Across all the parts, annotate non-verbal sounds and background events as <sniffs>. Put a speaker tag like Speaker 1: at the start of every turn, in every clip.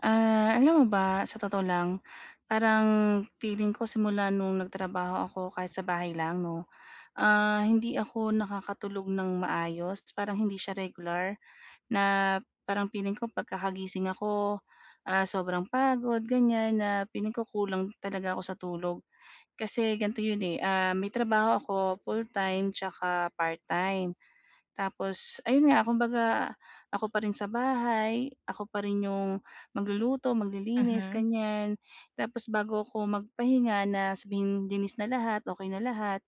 Speaker 1: Ah, alam mo ba, sa totoo lang, parang feeling ko simula no'ng nagtrabaho ako kahit sa bahay lang 'no, ah, hindi ako nakakatulog nang maayos. Parang hindi siya regular, na parang feeling ko 'pag kakagising ako, ah, sobrang pagod, ganyan, na feeling ko kulang talaga ako sa tulog. Kasi ganito yun eh, ah, may trabaho ako full-time 'tsaka part-time. Tapos, ayun nga, kumbaga, ako pa rin sa bahay, ako pa rin 'yung magluluto, maglilinis,
Speaker 2: Mhm.
Speaker 1: ganyan. Tapos bago ako magpahinga na sabihing linis na lahat, okey na lahat,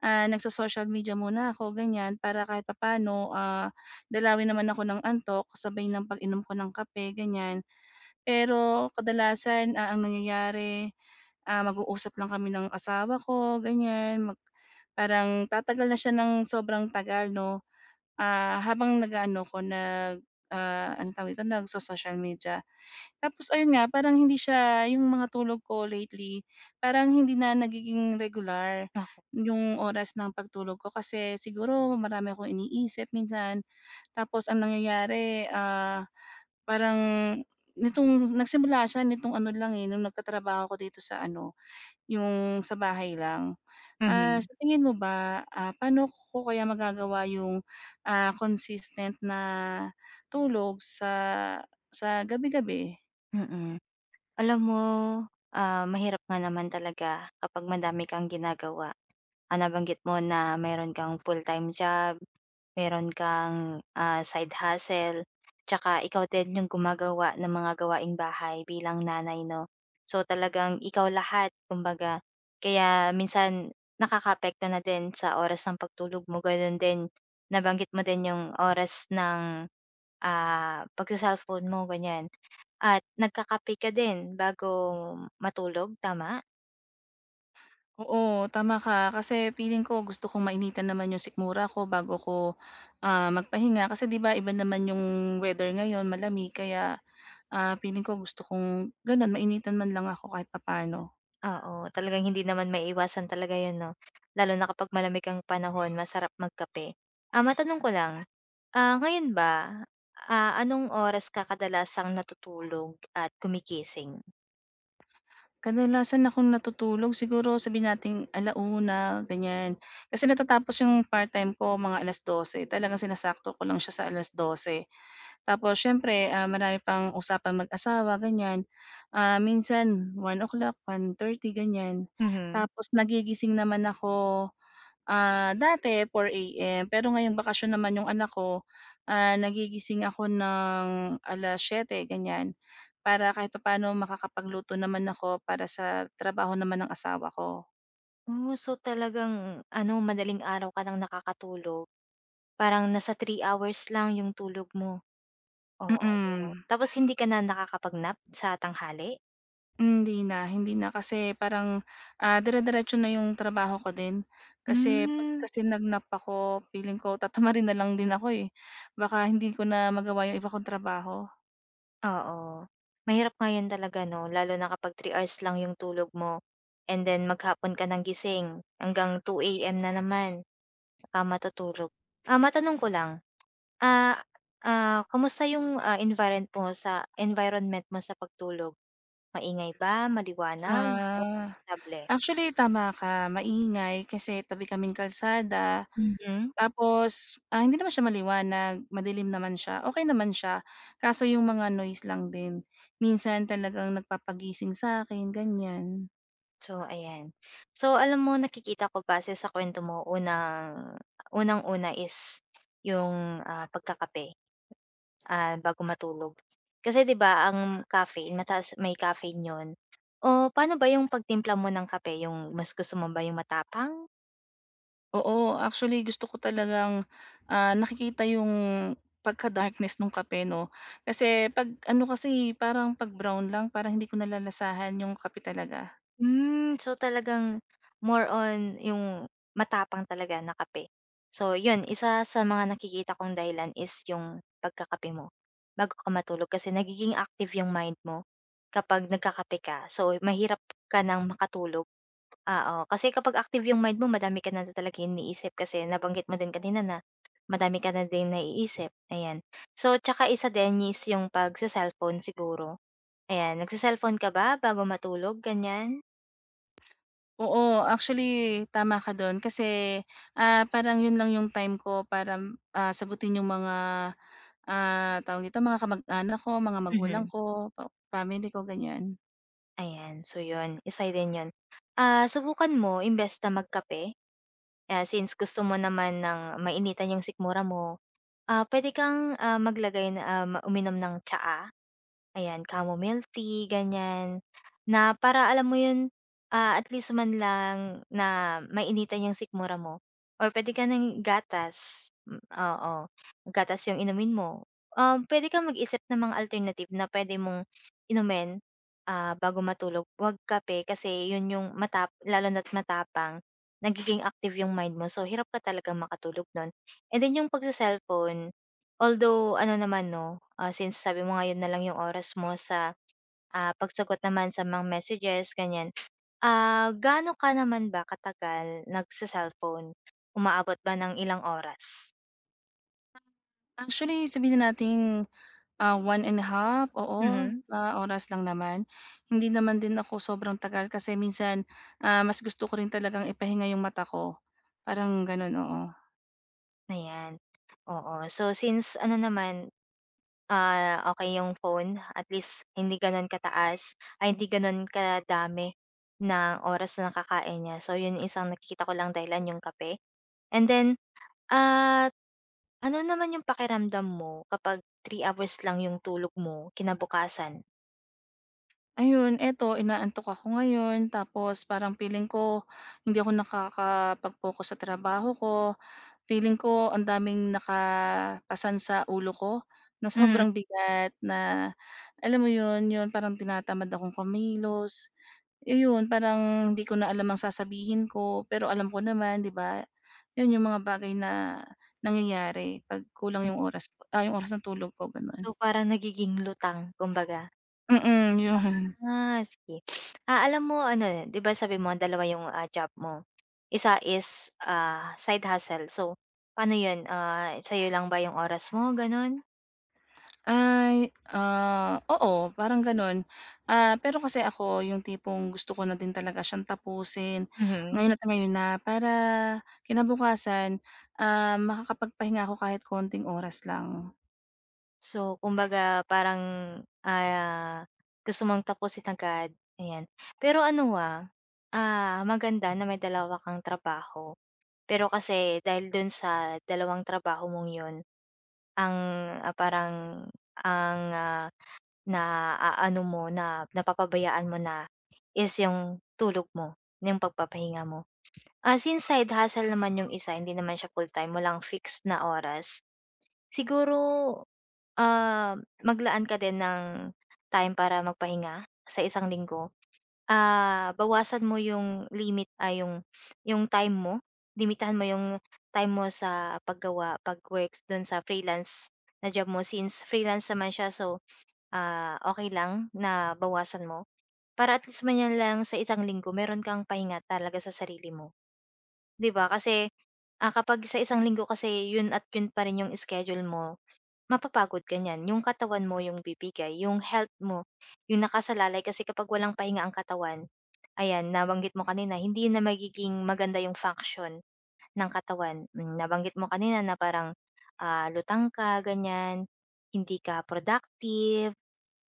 Speaker 1: ah, nagso-social media muna 'ko, ganyan, para kahit papaano, ah, dalawin naman ako ng antok, sabay ng pag-inom ko ng kape, ganyan. Pero kadalasan, ah, ang nangyayari, ah, mag-uusap lang kami ng asawa ko, ganyan. Mag parang tatagal na siya nang sobrang tagal 'no, ah, habang nag-aano ko nag, ah, anong tawag dito, nagso-social media. Tapos ayun nga, parang hindi siya, 'yung mga tulog ko lately, parang hindi na nagiging regular
Speaker 2: Naku.
Speaker 1: 'yung oras ng pag-tulog ko kasi siguro marami akong iniisip minsan. Tapos ang nangyayari, ah, parang, nitong nag-simula siya nitong ano lang eh, no'ng nagkatrabaho ako dito sa ano, 'yung sa bahay lang. Ah,
Speaker 2: Mhm.
Speaker 1: sa tingin mo ba, ah, paano ko kaya magagawa 'yung, ah, consistent na tulog sa sa gabi-gabi?
Speaker 2: Mm. Alam mo, ah, mahirap nga naman talaga kapag madami kang ginagawa. Ah, nabanggit mo na mayro'n kang full-time job, mayro'n kang, ah, side hustle, 'tsaka ikaw din 'yong gumagawa ng mga gawaing bahay bilang nanay 'no. So talagang ikaw lahat kumbaga kaya minsan nakakaapekto na din sa oras ng pagtulog mo gano'n din nabanggit mo din 'yung oras ng, ah, pagse-cellphone mo ganiyan at nagkakape ka din bago matulog, tama?
Speaker 1: Oo, tama ka, kasi feeling ko gusto kong mainitan naman 'yung sikmura 'ko bago ko, ah, magpahinga. Kasi 'di ba, iba naman 'yung weather ngayon malamig kaya, ah, feeling ko gusto kong gano'n mainitan man lang ako kahit papa'no.
Speaker 2: Oo, talaga hindi naman maiiwasan talaga 'yun 'no, lalo na kapag malamig ang panahon masarap magkape. Ah, matanong ko lang, ah, ngayon ba, ah, anong oras ka kadalasang natutulog at gumigising?
Speaker 1: Kadalasan akong natutulog siguro, sabihin nating 1 :00 ganiyan, kasi natatapos 'yung part-time ko mga 12 :00, talagang sinasakto ko lang siya sa 12 :00, tapos siyempre, ah, marami pang usapang mag-asawa, ganiyan. Um, minsan 1 :00, 1 :30 ganiyan.
Speaker 2: Mhm.
Speaker 1: Tapos nagigising naman ako, ah, dati, 4 AM, pero ngayong bakasyon naman 'yong anak ko, ah, nagigising ako ng 7:00, ganiyan. Para kahit papa'no makakapagluto naman ako, para sa trabaho naman ng asawa ko.
Speaker 2: Oh, so talagang ano madaling araw ka nang nakakatulog, parang nasa 3 hours lang 'yong tulog mo, oo.
Speaker 1: Mm.
Speaker 2: Tapos hindi ka na nakakapag-nap, sa tanghali?
Speaker 1: Hindi na, hindi na kasi, parang, ah, dire-diretso na 'yong trabaho ko din. Kasi, 'pag
Speaker 2: Hmm.
Speaker 1: kasi nag nap ako, feeling ko, tatamarin na lang din ako, eh. Baka hindi ko na magawa 'yong iba kong trabaho.
Speaker 2: Oo, mahirap nga 'yon talaga, 'no, lalo na kapag 3 hours lang 'yong tulog mo, and then maghapon ka nang gising, hanggang 2 AM na naman, ka matutulog. Ah, matanong ko lang, ah ah, kamusta 'yong, ah, environt environment mo sa pagtulog? Maingay ba? Maliwanag? O
Speaker 1: Ah,
Speaker 2: komportable?
Speaker 1: actually, tama ka, maingay kasi, tabi kaming kalsada.
Speaker 2: <unintelligible>
Speaker 1: Tapos, ah, hindi naman siya maliwanag, madilim naman siya, okey naman siya, kaso 'yong mga noise lang din, minsan talagang nagpapagising sa'kin, ganiyan.
Speaker 2: So, ayan, so alam mo nakikita ko base sa kuwento mo unang unang-una is 'yung, ah, pagkakape, ah, bago matulog. Kasi 'di ba ang caffeine mataas may caffeine 'yun, o pa'no ba 'yung pagtimpla mo ng kape 'yung mas gusto mo ba 'yung matapang?
Speaker 1: Oo, actually gusto ko talagang, ah, nakikita 'yung pagka-darkness nung kape 'no, kasi 'pag ano kasi, eh, parang 'pag brown lang parang hindi ko nalalasahan 'yung kape talaga.
Speaker 2: Hmm, so talagang, more on 'yung matapang talaga na kape, so 'yun, isa sa mga nakikita kong dahilan is 'yung pagkakape mo bago ka matulog, kasi nagiging active 'yung mind mo kapag nagkakape ka. So mahirap ka ng makatulog, oo, kasi kapag active 'yung mind mo, madami ka na talaga inisip kasi nabanggit mo din kanina, na madami ka na din naiisip ayan. So, tsaka isa din is 'yung pagse-cellphone siguro, ayan nagse-cellphone ka ba bago matulog ganiyan?
Speaker 1: Oo, actually tama ka doon kasi, ah, parang 'yon lang yung time ko para, ah, sagutin 'yong mga, ah, tawag dito mga kamag-anak ko, mga magulang
Speaker 2: Mhm.
Speaker 1: ko, pa family ko ganiyan.
Speaker 2: Ayan so 'yon, isa rin 'yon. Ah, subukan mo imbes na magkape, ah, since gusto mo naman ng mainitan 'yong sikmura mo, ah, puwede kang, ah, maglagay na ah, uminom ng tsaa, ayan chamomile milk tea, ganyan. Na para alam mo 'yon, ah, at least man lang na mainitan 'yong sikmura mo or puwede ka ng gatas m oo, gatas 'yong inumin mo. Um, puwede kang mag-isip ng mga alternative na puwede mong inumin, ah, bago matulog 'wag kape kasi 'yon 'yong matap lalo na't matapang nagiging active 'yong mind mo so hirap ka talagang makatulog non and then 'yong pagse-cellphone although ano naman 'no, ah, since sabi mo nga 'yon na lang 'yong oras mo sa, ah, pagsagot naman sa mga messages, ganiyan. Ah, gaano ka naman ba katagal nagse-cellphone, umaabot ba ng ilang oras?
Speaker 1: Actually sabihin nating ah, 1 1/2 oo,
Speaker 2: Hmm.
Speaker 1: na oras lang naman hindi naman din ako sobrang tagal kasi minsan, ah, mas gusto ko rin talagang ipahinga 'yong mata ko. Parang gano'n, oo.
Speaker 2: Ayan. Oo, so since ano naman, ah, okey 'yong phone at least hindi gano'n ka-taas ay hindi gano'n ka dami ng oras nakakain niya so 'yong isang nakikita ko lang dahilan 'yong kape, and then, at, ano naman yung pakiramdam mo kapag 3 hours lang yung tulog mo kinabukasan?
Speaker 1: Ayun eto inaantok ako ngayon tapos parang feeling ko, hindi ako nakakapag-focus sa trabaho ko. Feeling ko ang daming naka-pasan sa ulo ko na
Speaker 2: Mhm.
Speaker 1: sobrang bigat na alam mo 'yon, 'yon parang tinatamad akong kumilos, ayon parang hindi ko na alam ang sasabihin ko pero alam ko naman 'di ba, 'yon 'yong mga bagay na nangyayari pag kulang 'yong oras 'yong oras na tulog ko gano'n
Speaker 2: So, parang nagiging lutang, kumbaga.
Speaker 1: Hmm, yun. <tsk>
Speaker 2: <sniffs> Ah, sige ah, alam mo ano 'di ba sabihin mo ang dalawa 'yong ah, job mo, isa is ah, side hustle so paano 'yon ah, sa 'yo lang ba 'yong oras mo ganon?
Speaker 1: Ay, ah, oo parang ganon. Ah, pero kasi ako yung tipong gusto ko na din talaga siyang tapusin
Speaker 2: Mhm.
Speaker 1: ngayon at ngayon na para kinabukasan, ah, makakapagpahinga ako kahit konting oras lang.
Speaker 2: So, kumbaga parang, ah, gusto mong tapusin agad, ayan. Pero ano ah ah, maganda na may dalawa kang trabaho, pero kasi, dahil dun sa dalawang trabaho mong 'yun, ang, ah, parang ang, ah, na-aano mo na napapabayaan mo na is, yung tulog mo, yung pagpapahinga mo. Ah, since side hustle naman yung isa hindi naman siya full-time walang fixed na oras. Siguro, ah, maglaan ka din ng time para magpahinga, sa isang linggo. Ah, bawasan mo 'yong limit ah, 'yong 'yong time mo, limitahan mo 'yong time mo sa paggawa, pag-works do'n sa freelance na job mo. Since freelance naman siya so, ah, okey lang na bawasan mo. Para at least man, yan lang sa isang linggo meron kang pahinga talaga sa sarili mo. 'Di ba, kasi, ah, kapag sa isang linggo kasi 'yon at 'yon pa rin 'yong schedule mo mapapagod ka niyan, 'yong katawan mo 'yong bibigay, 'yong health mo, 'yong nakasalalay. Kasi kapag walang pahinga ang katawan, ayan nabanggit mo kanina hindi na magiging maganda 'yong function ng katawan. Mm, nabanggit mo kanina na parang, ah, lutang ka ganyan, hindi ka productive,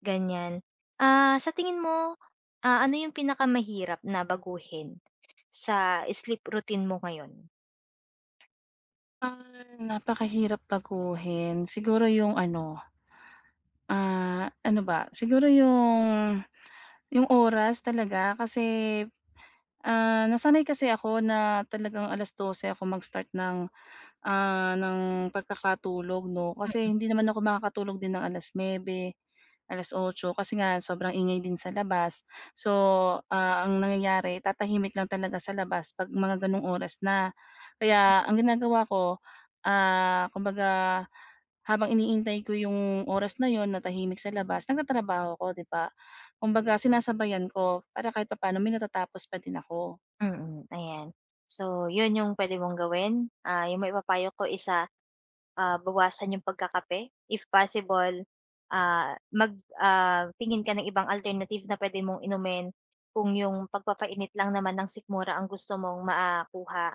Speaker 2: ganyan. Ah, sa tingin mo, ah, ano yung pinakamahirap na baguhin, sa sleep routine mo ngayon?
Speaker 1: Ah napakahirap baguhin siguro yung ano, ah, ano ba siguro 'yong 'yong oras talaga kasi, ah, nasanay kasi ako na talagang 12:00 ako mag-start ng, ah, ng pagkakatulog 'no kasi
Speaker 2: Mm.
Speaker 1: hindi naman ako makakatulog din ng 9:00, 8:00 kasi nga sobrang ingay din sa labas. So, ah, ang nangyayari tatahimik lang talaga sa labas 'pag mga ganong oras na. Kaya ang ginagawa ko, ah, kumbaga habang iniintay ko yung oras na 'yon na tahimik sa labas nagtatrabaho ako 'di ba, kumbaga sinasabayan ko para kahit papaano may natatapos pa din ako.
Speaker 2: Mm, ayan so 'yon 'yong puwede mong gawin, ah 'yong maipapayo ko is, ah, bawasan 'yong pagkakape if possible, ah, mag ah, tingin ka ng ibang alternative na puwede mong inumin kung 'yong pagpapainit lang naman ng sikmura ang gusto mong ma ah, kuha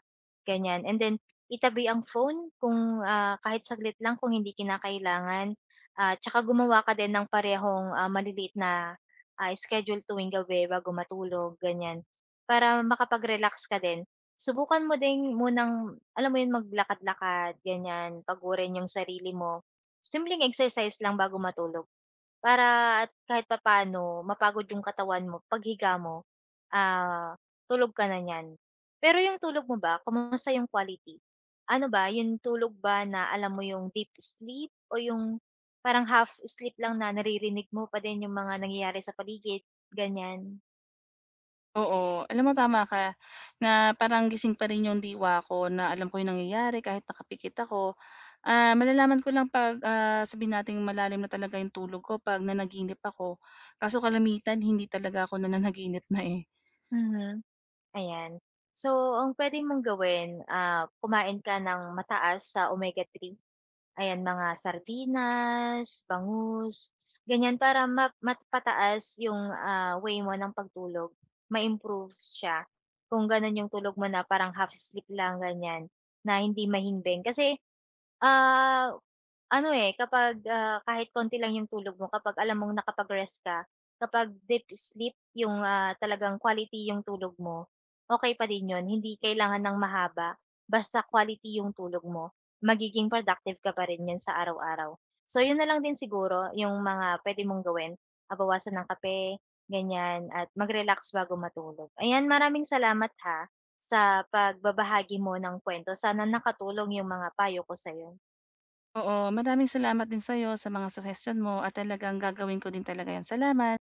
Speaker 2: ganyan and then itabi ang phone kung, ah, kahit saglit lang kung hindi kinakailangan at tsaka gumawa ka din ng parehong, ah, maliliit na, ah, schedule tuwing gabi bago matulog ganyan para makapag-relax ka din. Subukan mo ding munang alam mo 'yon maglakad-lakad ganyan pagurin yung sarili mo, simpleng exercise lang bago matulog para at kahit papaano mapagod yung katawan mo paghiga mo, ah, tulog ka na niyan. Pero yung tulog mo ba kumusta yung quality? Ano ba yung tulog ba na alam mo yung deep sleep o yung parang half sleep lang na naririnig mo pa din yung mga nangyayari sa paligid, ganyan?
Speaker 1: Oo. Alam mo, tama ka, na parang gising pa rin 'yong diwa ko, na alam ko yung nangyayari kahit nakapikit ako. Ah, malalaman ko lang 'pag, ah, sabihin nating malalim na talaga yung tulog ko 'pag nanaginip ako. Kaso kalimitan, hindi talaga ako nananaginip na, eh.
Speaker 2: Mhm. Ayan. So ang puwede mong gawin, ah, kumain ka ng mataas sa omega-3. Ayan, mga sardinas, bangus, ganyan para ma mapataas yung, ah, way mo ng pagtulog. Ma-improve siya, kung gano'n yung tulog mo na parang half sleep lang ganyan, na hindi mahimbing. Kasi, ah, ano, eh, kapag, ah, kahit konti lang yung tulog mo kapag alam mong nakapag-rest ka, kapag deep sleep yung, ah, talagang quality yung tulog mo, okey pa din yun. Hindi kailangan ng mahaba, basta quality yung tulog mo. Magiging productive ka pa rin niyan sa araw-araw. So yun na lang din siguro, yung mga puwede mong gawin. Ah, bawasan ang kape, ganyan at mag-relax bago matulog. Ayan, maraming salamat ha, sa pagbabahagi mo ng kuwento. Sana nakatulong yung mga payo ko sa'yo.
Speaker 1: Oo, maraming salamat din sa'yo sa mga suhestiyon mo, at talagang gagawin ko din talaga yun. Salamat.